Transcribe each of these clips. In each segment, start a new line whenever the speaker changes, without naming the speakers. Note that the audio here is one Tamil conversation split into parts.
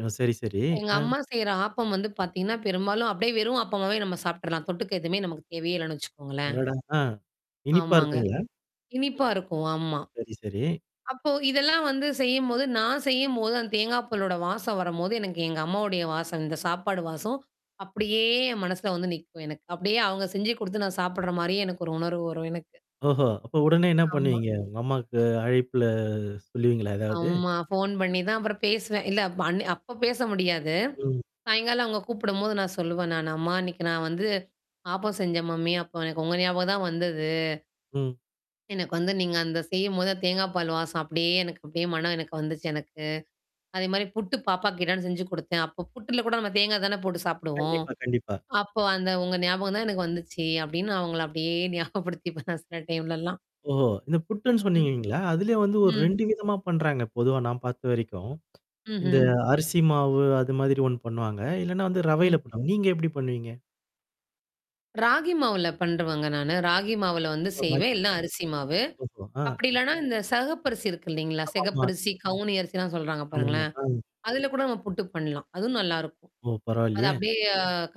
ஓ! சரி சரி.
எங்க
அ.
அம்மா செய்ற ஆப்பம் வந்து பாத்தீங்கன்னா, பெரும்பாலும் அப்படியியே வெறும் ஆப்பம்மாவே நம்ம சாப்ப்டர்லாம். தொட்டுக்கு எதுவுமே நமக்கு தேவையே இல்லன்னு வச்சுக்கோங்களேன்.
அடடா! அ இனிப்பா
ஆமாங்க.
இருக்குங்களா?
இனிப்பா இருக்கும். ஆமா.
சரி, சரி.
அப்போ இதெல்லாம் வந்து செய்யும்போது நான் செய்யும்போது அந்த தேங்காய் பலோட வாசம் வரும்போது எனக்கு எங்க அம்மாவுடைய வாசம் இந்த சாப்பாடு வாசம். அப்படியே என் மனசுல வந்து நிக்கும் எனக்கு. அப்படியே அவங்க செஞ்சு குடுத்து நான் சாப்படுற மாரியே எனக்கு ஒரு உணர்வு வரும் எனக்கு.
ஓஹோ! அப்ப உடனே என்ன
ஆமா.
பண்ணுவீங்க? உங்க அம்மாவுக்கு அழைப்புல சொல்லுவீங்களா? ஏதாவது?
ஆமா. ஃபோன் பண்ணி தான் அப்புறம் பேசுவேன். இல்ல அப் அன்னிக் அப்ப பேச முடியாது.
ம்.
சாயங்காலம் அவங்க கூப்பிடும்போது நான் சொல்லுவேன். நானு அம்மா இன்னைக்கு நான் வந்து ஆப்பம் செஞ்சன் மம்மி. அப்ப எனக்கு உங்க ஞாபகம் தான் வந்தது.
ம்.
எனக்கு வந்து நீங்க அந்த செய்யும்போது தேங்கா பால் வாசம் அப்படியே எனக்கு அப்படியியே மனம் எனக்கு வந்துச்சு எனக்கு. அதே மாரி புட்டு பாப்பா கேட்டான்னு செஞ்சு குடுத்தேன். அப்ப புட்டல கூட நம்ம தேங்கா தானே போட்டு சாப்படுவோம்.
கண்டிப்பா, கண்டிப்பா.
அப்போ அந்த உங்க ஞாபகம் தான் எனக்கு வந்துச்சு. அப்படின்னு நான் அவங்கள அப்படியே ஞாபகப்படுத்திப்பேன் சில டைம்லலாம்.
ஓ! இந்த புட்டுன்னு
ம்.
சொன்னீங்கீங்களா? அதுலயே வந்து ஒரு
ம்.
2 விதமா பண்றாங்க. பொதுவா நான் பார்த்த வரைக்கும். இந்த
ம்ஹ்ம்.
அரிசி மாவு அது மாதிரி ஒண்ணு பண்ணுவாங்க? இல்லன்னா வந்து
ம்.
ரவையில பண்ணுவாங்க. நீங்க எப்படி பண்ணுவீங்க?
ராகி மாவுல பண்ணருவங்க நானு. ராகி மாவுல வந்து செய்வேன். இல்லன்னா அரிசி மாவு.
[unintelligible] ஓஹோ! ஆ.
அப்படி இல்லன்னா இந்த சகப்பரிசி இருக்கு இல்லைங்களா?
ஆமாமா.
சகப்பரிசி, கவுனி அரிசிலாம் சொல்றாங்க
ஆமாமா.
பாருங்களேன்.
ஆ.
அதுல கூட நம்ம புட்டுக்கு பண்ணலாம். அதுவும் நல்லாருக்கும்.
ஓ!
அத
பரவாயால்லையே!
அப்படியே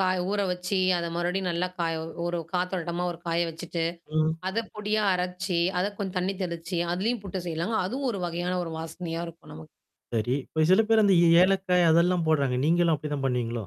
காய ஊற வச்சு அத மறுபடியும் நல்லா காய ஒரு காத்தோழுட்டமா ஒரு காய வச்சுட்டு
ம்.
அத பொடியா அரைச்சு, அத கொஞ்சம் தண்ணி தெளிச்சு, அததுலயும் புட்டு செய்யலாங்க. அதுவும் ஒரு வகையான ஒரு வாசனையா இருக்கும் நமக்கு.
சரி. இப்ப சில பேர் அந்த
ம்.
ஏலக்காய் அதெல்லாம் போடுறாங்க. நீங்களும் அப்படிதான் பண்ணுவீங்களோ?